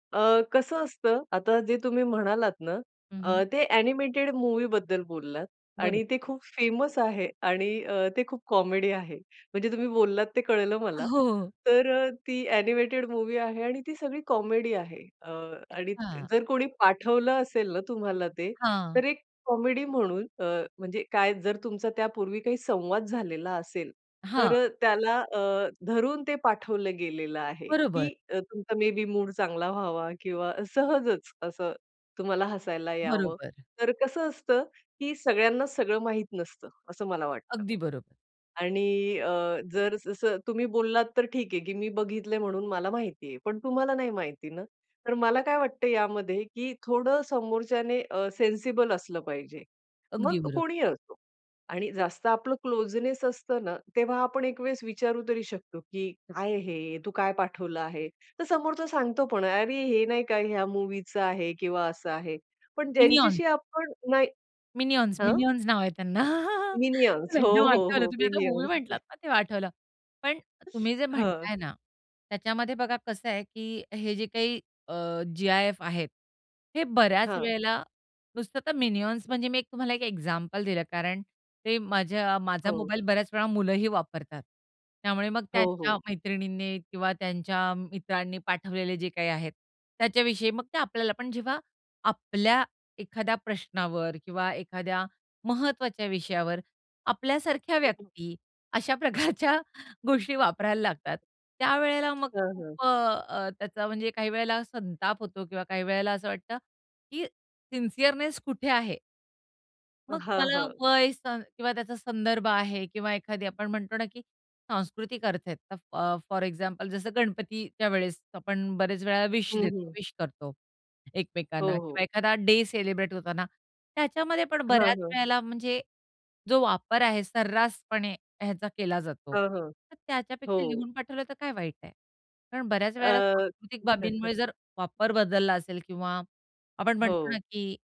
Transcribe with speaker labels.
Speaker 1: अ, कसं असतं, आता जे तुम्ही म्हणालात ना,
Speaker 2: हं, हं.
Speaker 1: अ, ते अ‍ॅनिमेटेड मूव्हीबद्दल बोललात
Speaker 2: बरोबर.
Speaker 1: आणि ते खूप फेमस आहे आणि अ, ते खूप कॉमेडी आहे. म्हणजे तुम्ही बोललात ते कळलं मला.
Speaker 2: हो.
Speaker 1: तर अ, ती अ‍ॅनिमेटेड मूव्ही आहे आणि ती सगळी कॉमेडी आहे. अ, आणि
Speaker 2: अच्छा.
Speaker 1: जर कोणी पाठवलं असेल ना तुम्हाला ते,
Speaker 2: हां.
Speaker 1: तर एक कॉमेडी म्हणून, अ, म्हणजे काय जर तुमचा त्यापूर्वी काही संवाद झालेला असेल,
Speaker 2: हां.
Speaker 1: तर अ, त्याला अ, धरून ते पाठवलं गेलेलं आहे
Speaker 2: बरोबर.
Speaker 1: की अ, तुमचा मे बी मूड चांगला व्हावा किंवा सहजच असं तुम्हाला हसायला यावं.
Speaker 2: बरोबर.
Speaker 1: तर कसं असतं, की सगळ्यांना सगळं माहीत नसतं, असं मला वाटतं.
Speaker 2: अगदी बरोबर.
Speaker 1: आणि अ, जर स जसं तुम्ही बोललात तर ठीक आहे की मी बघितलंय म्हणून मला माहितीये. पण तुम्हाला नाही माहिती ना, तर मला काय वाटतं यामध्ये, की थोडं समोरच्याने अ, सेन्सिबल असलं पाहिजे, मग
Speaker 2: अगदी बरोबर.
Speaker 1: कोणीही असो. आणि जास्त आपलं क्लोजनेस असतं ना, तेव्हा आपण एक वेळेस विचारू तरी शकतो, की काय आहे हे, तू काय पाठवलं आहे? तर समोरचा सांगतो पण, "अरे, हे नाही का या मूव्हीचं आहे किंवा असं आहे." पण
Speaker 2: मिनिऑन.
Speaker 1: ज्यांच्याशी आपण नाही
Speaker 2: मिनिऑन्स,
Speaker 1: हं.
Speaker 2: मिनिऑन्स नाव आहे त्यांना.
Speaker 1: मिनिऑन्स, हो,
Speaker 2: एकदम
Speaker 1: हो,
Speaker 2: आठवलं
Speaker 1: हो.
Speaker 2: तुम्ही आता मूव्ही म्हटलात
Speaker 1: मिनिऑन्स.
Speaker 2: ना, ते आठवलं. पण तुम्ही जे
Speaker 1: हं.
Speaker 2: म्हणताय ना, त्याच्यामध्ये बघा कसं आहे, की हे जे काही अ, जी-आय-एफ आहेत, हे बऱ्याच
Speaker 1: हां.
Speaker 2: वेळेला नुसतं तर मिनिआन्स, म्हणजे मी तुम्हाला एक एक्झाम्पल दिलं कारण, ते माझ्या माझा
Speaker 1: हो.
Speaker 2: मोबाईल बऱ्याच वेळा मुलंही वापरतात. त्यामुळे मग
Speaker 1: हो,
Speaker 2: त्यांच्या
Speaker 1: हो.
Speaker 2: मैत्रिणींनी किंवा त्यांच्या मित्रांनी पाठवलेले जे काही आहेत, त्याच्याविषयी मग ते आपल्याला पण जेव्हा आपल्या एखाद्या प्रश्नावर किंवा एखाद्या महत्त्वाच्या विषयावर आपल्यासारख्या
Speaker 1: हो.
Speaker 2: व्यक्ती अशा प्रकारच्या गोष्टी वापरायला लागतात, त्यावेळेला मग
Speaker 1: हां, हां.
Speaker 2: खूप अ, त्याचा म्हणजे काही वेळेला संताप होतो किंवा काही वेळेला असं वाटतं, की सिन्सियरनेस कुठे आहे? मग
Speaker 1: हां,
Speaker 2: मला
Speaker 1: हां.
Speaker 2: वय स किंवा त्याचा संदर्भ आहे किंवा एखादी आपण म्हणतो ना, की सांस्कृतिक अर्थ आहेत ते अ, फॉर एक्झाम्पल, जसं गणपतीच्या वेळेस आपण बऱ्याच वेळेला विश
Speaker 1: हं,
Speaker 2: देतो,
Speaker 1: हं.
Speaker 2: विश करतो
Speaker 1: हो,
Speaker 2: एकमेकांना किंवा
Speaker 1: हो.
Speaker 2: एखादा डे सेलिब्रेट होताना त्याच्यामध्ये पण
Speaker 1: हां,
Speaker 2: बऱ्याच
Speaker 1: हां.
Speaker 2: वेळेला म्हणजे जो वापर आहे सर्रासपणे ह्याचा केला जातो.
Speaker 1: हं, हं.
Speaker 2: तर त्याच्यापेक्षा
Speaker 1: हो.
Speaker 2: लिहून पाठवलं तर काय वाईट आहे कारण बऱ्याच वेळेला
Speaker 1: अ.
Speaker 2: सांस्कृतिक बाबींमुळे जर वापर बदलला असेल किंवा आपण म्हणतो ना
Speaker 1: हो.
Speaker 2: की